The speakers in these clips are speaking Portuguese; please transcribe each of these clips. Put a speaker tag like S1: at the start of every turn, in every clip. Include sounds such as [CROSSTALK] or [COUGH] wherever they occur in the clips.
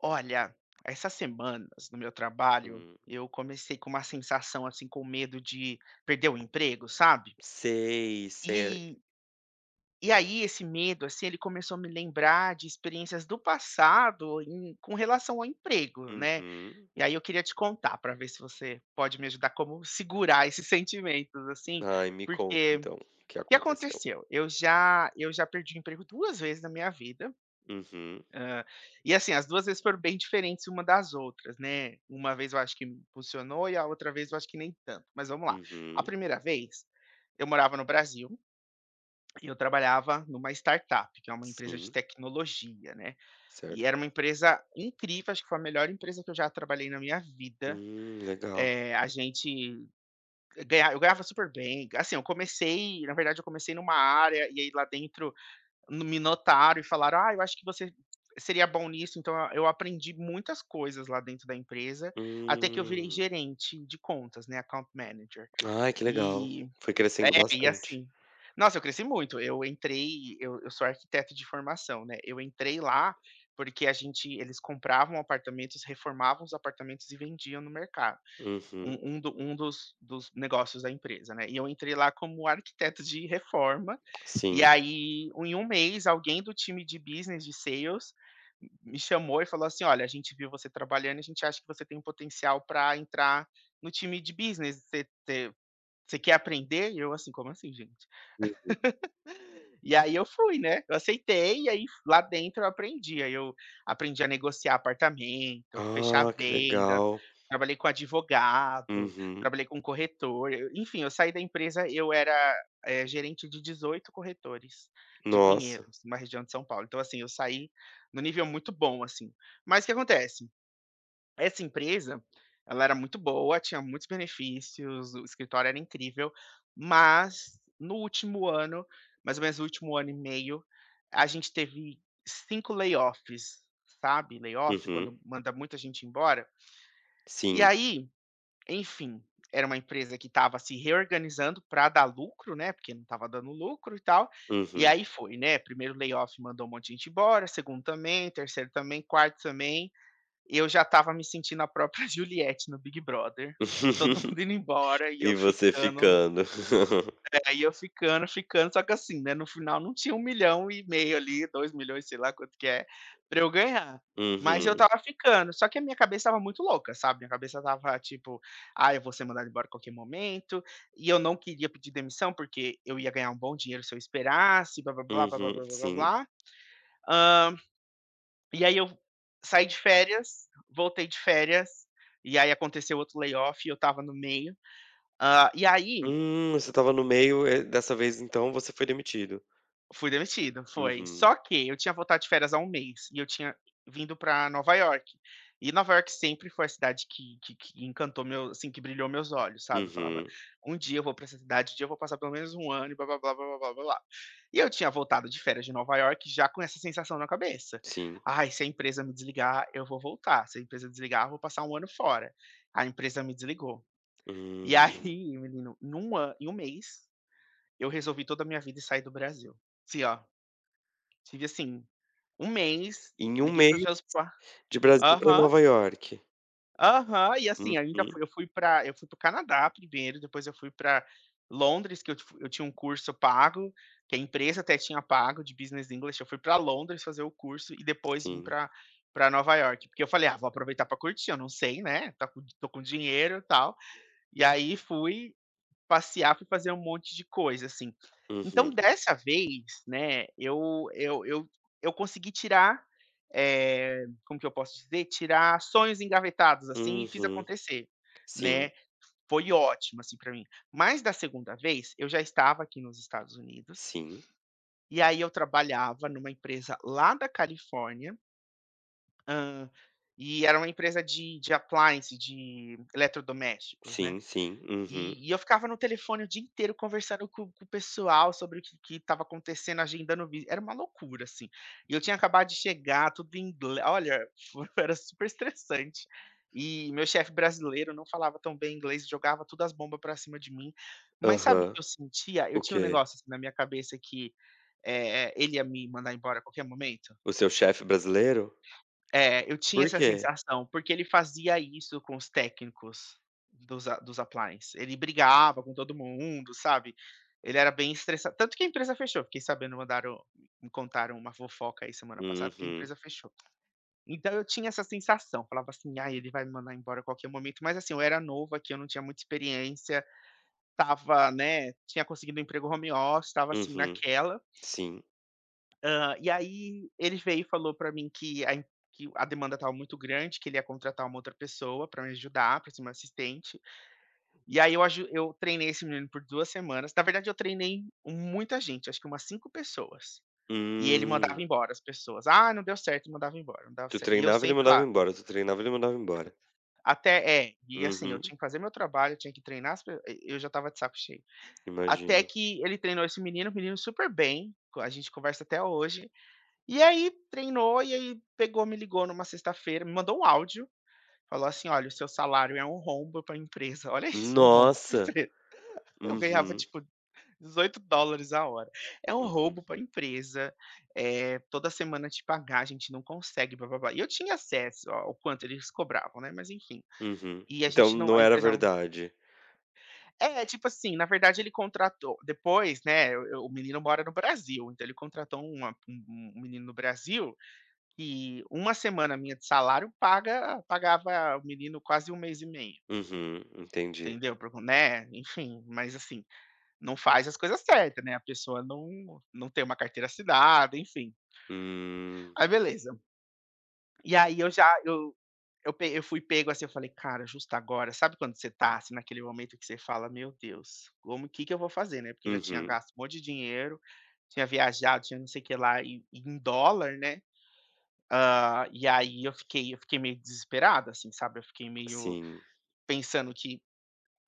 S1: Olha essas semanas no meu trabalho,
S2: Hum.
S1: eu comecei com uma sensação, assim, com medo de perder o emprego, sabe?
S2: Sei, sei, a
S1: E e aí, esse medo, assim, ele começou a me lembrar de experiências do passado em com relação ao emprego, né.
S2: Uhum.
S1: E aí, eu queria te contar para ver se você pode me ajudar como segurar esses sentimentos, assim,
S2: Ai, me conta
S1: porque
S2: então o que
S1: que
S2: aconteceu?
S1: aconteceu? Eu já eu já perdi o emprego 2 vezes na minha vida,
S2: Uhum.
S1: hã, e assim, as 2 vezes foram bem diferentes uma das outras, né. Uma vez, eu acho que impulsionou e a outra vez, eu acho que nem tanto, mas vamos lá. A
S2: Uhum.
S1: 1ª vez, eu morava no Brasil e eu trabalhava em uma startup, que é uma empresa de
S2: Sim.
S1: tecnologia, né, e
S2: Certo.
S1: era uma empresa incrível, acho que foi a melhor empresa que eu já trabalhei na minha vida.
S2: Hum, legal.
S1: Eh, a gente ganha eu ganhava super bem, assim, eu comecei na verdade eu comecei em uma área e aí lá dentro me notaram e falaram: "Ah, eu acho que você seria bom nisso", então eu aprendi muitas coisas lá dentro da empresa, até que eu virei
S2: Hum.
S1: gerente de contas, né, Account Manager.
S2: Ai, que legal,
S1: E
S2: foi crescendo
S1: É, e
S2: bastante.
S1: assim, nossa, eu cresci muito, eu entrei eu eu sou arquiteto de formação, né. Eu entrei lá, porque a gente eles compravam apartamentos, reformavam os apartamentos e vendiam no mercado,
S2: Uhum.
S1: um um do um dos dos negócios da empresa, né. E eu entrei lá como arquiteto de reforma, e,
S2: Sim.
S1: aí, em 1 mês, alguém do time de Business, de Sales me chamou e falou assim: "Olha, a gente viu você trabalhando e a gente acha que você tem um potencial para entrar no time de Business você você você quer aprender?". E eu, assim: "Como assim, gente?".
S2: Uhum.
S1: [CHUCKLES] E aí, eu fui, né, eu aceitei e, aí fu lá dentro eu aprendi, aí, eu aprendi a negociar apartamento, fechar
S2: Ah, que
S1: venda,
S2: legal.
S1: trabalhei com advogado,
S2: Uhum.
S1: trabalhei com corretor, eu enfim, eu saí da empresa, eu era, eh, gerente de 18 corretores, de
S2: Nossa!
S1: Pinheiros, uma região de São Paulo, então, assim, eu saí em um nível muito bom, assim. Mas o que acontece? Essa empresa, ela era muito boa, tinha muitos benefícios, o escritório era incrível, mas no último ano, mais ou menos, o último ano e meio, a gente teve 5 layoffs, sabe, layoff
S2: Uhum.
S1: quando manda muita gente embora? E,
S2: Sim.
S1: aí, enfim, era uma empresa que estava se reorganizando para dar lucro, né, porque não estava dando lucro e tal, e
S2: Uhum.
S1: aí foi, né. 1º layoff mandou um monte de gente embora; 2º também; 3º também; 4º também. E eu já estava me sentindo a própria Juliette no Big Brother, todo
S2: [LAUGHS]
S1: mundo indo embora e eu
S2: E você
S1: ficando.
S2: ficando? [CHUCKLES]
S1: É, e, eu ficando, ficando. Só que assim, né, no final não tinha 1.500.000 ali, 2.000.000, sei lá, quanto que é para eu ganhar, mas eu
S2: Uhum.
S1: estava ficando. Só que a minha cabeça estava muito louca, sabe, minha cabeça estava, tipo: "Ai, eu vou ser mandado embora a qualquer momento", e eu não queria pedir demissão porque eu ia ganhar um bom dinheiro se eu esperasse blá, blá, blá, blá, blá,
S2: Uhum,
S1: blá, blá,
S2: sim.
S1: blá. Hã, e aí eu saí de férias, voltei de férias. E aí, aconteceu outro layoff e eu estava no meio. Hã, e aí
S2: Hum, você estava no meio e dessa vez então você foi demitido.
S1: Fui demitido, foi.
S2: Uhum.
S1: Só que eu tinha voltado de férias há 1 mês e eu tinha vindo para Nova Iorque. E Nova Iorque sempre foi a cidade que que que encantou meu assim, que brilhou meus olhos, sabe, eu falava:
S2: Uhum.
S1: "Um dia eu vou para essa cidade, um dia eu vou passar pelo menos 1 ano", e blá, blá, blá, blá, blá, blá. E eu tinha voltado de férias de Nova Iorque, já com essa sensação na cabeça:
S2: Sim.
S1: "Ai se a empresa me desligar, eu vou voltar; se a empresa desligar, eu vou passar 1 ano fora". A empresa me desligou e, aí,
S2: Hum.
S1: [CHUCKLES] menino, em 1 a em 1 mês, eu resolvi toda a minha vida e saí do Brasil. Assim, ó, tive assim, 1 mês,
S2: Em 1
S1: liguei
S2: mês,
S1: para os meus pais
S2: de Brasil para
S1: aham.
S2: Nova York.
S1: Aham, e assim ainda
S2: Uhum.
S1: fui eu fui para eu fui para o Canadá 1º depois eu fui para Londres que eu te fu eu tinha 1 curso pago, que a empresa até tinha pago de business english. Eu fui para Londres fazer o curso, e depois vim
S2: Sim.
S1: para para Nova Iorque porque eu falei: "Ah, vou aproveitar para curtir, eu não sei, né, está com estou com dinheiro tal" e aí fui passear, fui fazer um monte de coisa, assim. Então
S2: Uhum.
S1: dessa vez, né, eu eu eu eu consegui tirar, eh, como que eu posso dizer, tirar sonhos engavetados assim e fiz
S2: Uhum.
S1: acontecer,
S2: Sim.
S1: né. Foi ótimo assim para mim, mas da 2º vez, eu já estava aqui nos Estados Unidos
S2: Sim.
S1: e aí eu trabalhava em uma empresa lá da Califórnia. Hã, e era uma empresa de de appliance, de eletrodomésticos, né.
S2: Sim, sim, uhum.
S1: E eu ficava no telefone o dia inteiro conversando com com o pessoal sobre o que que estava acontecendo, agendando vi era uma loucura assim. E eu tinha acabado de chegar, tudo em ingle olha, [CHUCKLES] era super estressante. E meu chefe brasileiro, não falava tão bem inglês, jogava tudo as bomba para cima de mim. Mas sabe o
S2: Aham.
S1: que eu sentia? Eu
S2: O
S1: tinha um
S2: quê?
S1: negócio, assim, na minha cabeça que, eh eh, ele ia me mandar embora a qualquer momento.
S2: O seu chefe brasileiro?
S1: É, é, eu tinha
S2: Por
S1: essa
S2: quê?
S1: sensação. Porque ele fazia isso com os técnicos dos a dos appliance. Ele brigava com todo mundo, sabe? Ele era bem estressan tanto que a empresa fechou. Fiquei sabendo mandaram me contaram uma fofoca aí semana passada que a
S2: Uhum.
S1: empresa fechou. Então eu tinha essa sensação, falava assim: "Ai, ele vai me mandar embora a qualquer momento". Mas assim, eu era novo aqui, eu não tinha muita experiência, estava, né tinha conseguido 1 emprego home office, estava, assim,
S2: Uhum.
S1: naquela.
S2: Sim.
S1: Hã, e aí ele veio e falou para mim que a em que o a demanda estava muito grande, que ele ia contratar uma outra pessoa para me ajudar, para ser meu assistente. E aí, eu aju eu treinei esse menino por 2 semanas na verdade eu treinei muita gente, acho que umas 5 pessoas. E ele mandava
S2: Hum.
S1: embora as pessoas: "Ah, não deu certo" e mandava embora, não dava
S2: Tu
S1: cer e eu
S2: treinava e ele
S1: sempre
S2: mandava
S1: lá.
S2: embora, tu treinava e ele mandava embora.
S1: Até É. E assim eu
S2: Uhum.
S1: tinha que fazer meu trabalho, tinha que treinar as pe e eu já estava de saco cheio. Até
S2: Imagino.
S1: que ele treinou esse menino, o menino super bem, a gente conversa até hoje. E aí treinou e aí pegou, me ligou em uma sexta-feira, me mandou um áudio, falou assim: "Olha, o seu salário é um rombo para empresa", olha isso um rombo para
S2: Nossa.
S1: empresa. Eu ganhava
S2: Uhum.
S1: tipo, $18 dólares a hora. "É um
S2: Meu Deus.
S1: roubo para empresa, eh, toda semana te pagar a gente não consegue blá-blá-blá". E eu tinha acesso ao quanto eles cobravam, né, mas enfim.
S2: Uhum,
S1: E a
S2: então
S1: gente não
S2: não
S1: a
S2: era
S1: empresa não
S2: verdade?
S1: É, tipo assim na verdade ele contratou depois, né, o o menino mora no Brasil, então ele contratou uma um um menino no Brasil, e 1 semana minha de salário paga pagava o menino quase 1 mês e meio.
S2: Uhum, entendi.
S1: Entendeu? Para o co né, enfim. Mas assim, não faz as coisas certa, né, a pessoa não não tem uma carteira assinada enfim.
S2: Hum.
S1: Aí beleza. E aí eu já eu eu pe eu fui pego assim, eu falei: "Cara, justo agora", sabe quando você tá assim naquele momento que você fala: "Meu Deus, como que que eu vou fazer, né." Porque eu já tinha
S2: Uhum.
S1: gasto um monte de dinheiro, tinha viajado, tinha não sei que lá e em dólar, né. Hã, e aí eu fiquei eu fiquei meio desesperado, assim, sabe. Eu fiquei meio
S2: Sim.
S1: pensando que: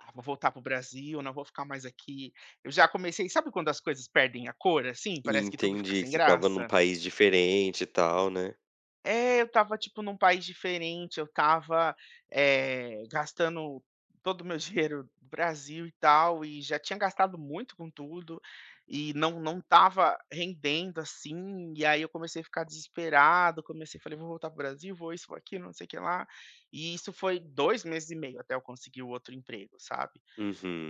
S1: "Ah, vou voltar para o Brasil, não vou ficar mais aqui". Eu já comecei sabe quando as coisas perdem a cor assim, parece que tudo fica
S2: Entendi,
S1: sem
S2: que estava em um
S1: graça?
S2: país diferente e tal, né.
S1: É, eu estava tipo, num país diferente, eu estava, eh, gastando todo o meu dinheiro do Brasil e tal e já tinha gastado muito com tudo. E não não estava rendendo, assim. E aí, eu comecei a ficar desesperado. Comecei falei: "Vou voltar para o Brasil, vou isso vou aquilo não sei que lá". E isso foi 2 meses e meio até eu conseguir o outro emprego, sabe.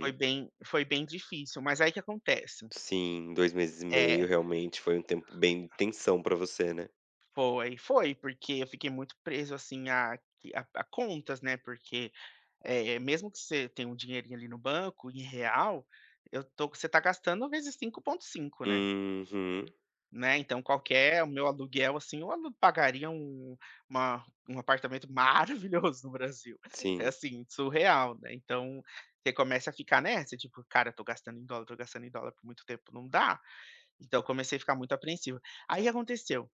S1: Foi bem foi bem difícil. Mas aí, o que acontece?
S2: Sim, 2 meses e meio,
S1: É.
S2: realmente, foi um tempo bem tensão pra você, né?
S1: Foi foi porque eu fiquei muito preso assim a q a a contas, né. Porque, eh, mesmo que você tenha um dinheirinho ali no banco em real, eu tô que você tá gastando vezes 5.5, né?
S2: Uhum.
S1: Né. Então qualquer o meu aluguel assim eu alu pagaria um uma um apartamento maravilhoso no Brasil. É
S2: Sim.
S1: assim surreal, né. Então, você começa a ficar nessa tipo, cara tô gastando em dólar tô gastando em dólar por muito tempo, não dá. Então eu comecei a ficar muito apreensivo. Aí, aconteceu,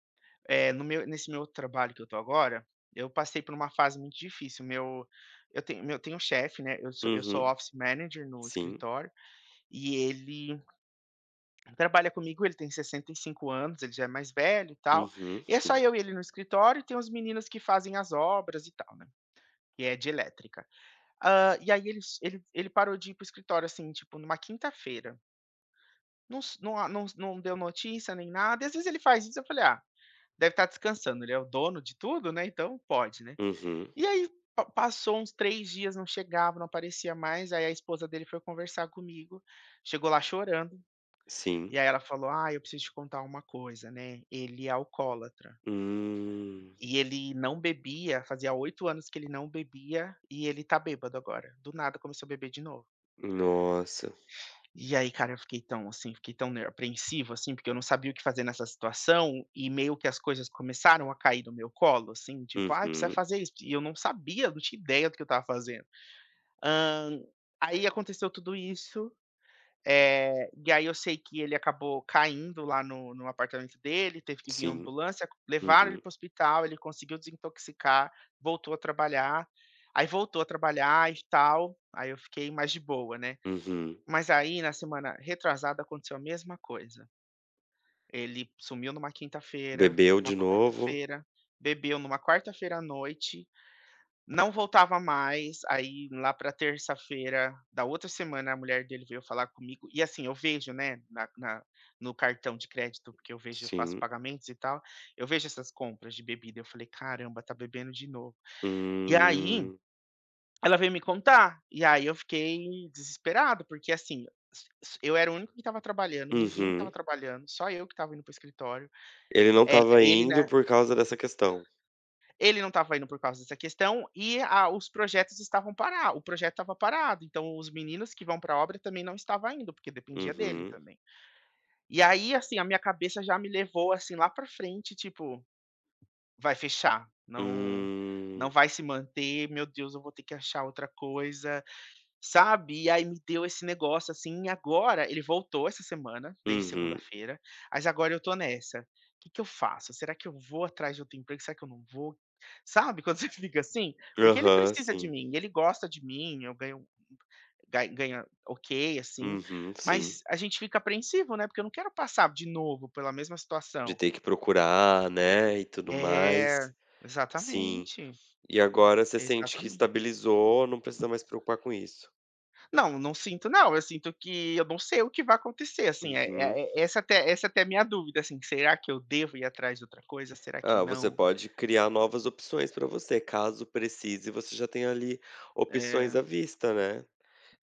S1: eh, no meu nesse meu trabalho que eu tô agora, eu passei por uma fase muito difícil meu eu tenho meu eu tenho um chefe, né, eu sou eu sou
S2: Uhum.
S1: office manager no
S2: Sim.
S1: escritório, e ele trabalha comigo. Ele tem 65 anos. Ele já é mais velho e tal.
S2: Uhum.
S1: E é só
S2: Sim.
S1: eu e ele no escritório e tem os meninos que fazem as obras e tal, né. Que é de elétrica. Hã, e aí, eles ele ele parou de ir para o escritório assim tipo numa quinta-feira. Não s não a não não deu notícia nem nada e, às vezes, ele faz isso eu falei: "Ah, deve estar descansando. Ele é o dono de tudo, né. Então pode, né?"
S2: Uhum.
S1: E aí, pa passou uns 3 dias não chegava, não aparecia mais. Aí a esposa dele foi conversar comigo. Chegou lá chorando.
S2: Sim.
S1: E aí, ela falou: "Ai, eu preciso te contar uma coisa, né. Ele é alcoólatra".
S2: Hum.
S1: E ele não bebia fazia 8 anos que ele não bebia, e ele tá bêbado agora. Do nada começou a beber de novo.
S2: Nossa.
S1: E aí, cara, eu fiquei tão assim, fiquei tão ner apreensivo assim, porque eu não sabia o que fazer nessa situação. E meio que as coisas começaram a cair no meu colo assim tipo: "Ai, precisa
S2: Uhum.
S1: fazer isso". E eu não sabia, não tinha ideia do que eu estava fazendo. Hã, aí, aconteceu tudo isso. Eh, e aí, eu sei que ele acabou caindo lá no no apartamento dele, teve que vim a
S2: Sim.
S1: ambulância. Levaram ele
S2: Uhum.
S1: para o hospital, ele conseguiu desintoxicar, voltou a trabalhar. Aí, voltou a trabalhar e tal. Aí, eu fiquei mais de boa, né.
S2: Uhum.
S1: Mas aí, na semana retrasada aconteceu a mesma coisa. Ele sumiu numa quinta-feira,
S2: Bebeu
S1: numa
S2: de novo.
S1: quarta-feira. Bebeu numa quarta-feira à noite. Não voltava mais. Aí, lá pra terça-feira da outra semana, a mulher dele veio falar comigo e assim eu vejo, né, na na no cartão de crédito, porque eu vejo eu faço
S2: Sim.
S1: pagamentos e tal. Eu vejo essas compras de bebida. Eu falei: "Caramba, tá bebendo de novo". E aí,
S2: Hum.
S1: ela veio me contar, e aí eu fiquei desesperado. Porque assim, s s eu era o único que estava trabalhando. Ninguém estava
S2: Uhum.
S1: trabalhando. Só eu que estava indo para o escritório.
S2: Ele não
S1: El
S2: estava
S1: ele,
S2: indo
S1: né
S2: por causa dessa questão?
S1: Ele não estava indo por causa dessa questão. E a os projetos estavam para o projeto estava parado. Então, os meninos que vão para a obra também não estava indo, porque dependia dele
S2: Uhum.
S1: também. E aí, assim, a minha cabeça já me levou assim lá para a frente tipo: "Vai fechar. Não não
S2: Hum.
S1: vai se manter. Meu Deus, eu vou ter que achar outra coisa", sabe. E aí me deu esse negócio assim. E agora, ele voltou essa semana, desde
S2: Uhum.
S1: segunda-feira, mas agora eu tô nessa: "Que que eu faço? Será que eu vou atrás de outro emprego? Será que eu não vou?". Sabe, quando você fica assim? Porque ele
S2: Aham,
S1: precisa de
S2: sim.
S1: mim, ele gosta de mim. Eu ganho ga ganha ok, assim.
S2: Uhum, sim.
S1: Mas a gente fica apreensivo, né, porque eu não quero passar de novo pela mesma
S2: De
S1: situação.
S2: ter que procurar, né, e tudo
S1: É.
S2: mais. Sim.
S1: Exatamente.
S2: E agora você sente que
S1: Exatamente.
S2: estabilizou, não precisa mais preocupar com isso.
S1: Não, não sinto, não. Eu sinto que eu não sei o que vai acontecer, assim. Eh
S2: Uhum.
S1: eh eh essa até essa até é minha dúvida assim: "Será que eu devo ir atrás de outra coisa? Será que
S2: Ah, você
S1: não?".
S2: pode criar novas opções pra você, caso precise você já tem ali opções
S1: É.
S2: à vista, né.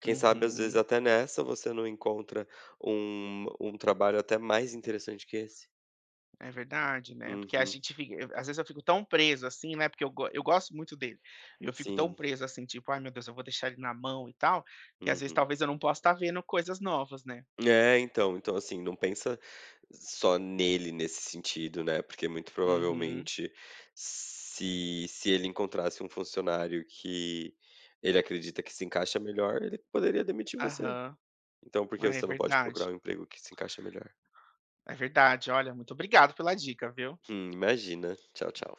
S2: Quem sabe, às vezes,
S1: Uhum.
S2: até nessa você não encontra um um trabalho até mais interessante que esse.
S1: É verdade, né. Porque a
S2: Uhum.
S1: gente f à às vezes, eu fico tão preso, assim, né, porque eu go eu gosto muito dele. E eu fico tão
S2: Sim.
S1: preso assim tipo: "Ai, meu Deus eu vou deixar ele na mão, e tal", que às vezes
S2: Uhum.
S1: talvez eu não possa estar vendo coisas novas, né?
S2: É, então. Então assim, não pensa só nele nesse sentido, né. Porque muito,
S1: Uhum.
S2: provavelmente, se se ele encontrasse um funcionário que ele acredita que se encaixa melhor, ele poderia demitir você.
S1: Aham.
S2: Então por que
S1: É
S2: você não pode
S1: verdade.
S2: procurar um emprego que se encaixa melhor?
S1: É verdade. Olha, muito obrigado pela dica, viu?
S2: Hum. Imagina. Tchau, tchau.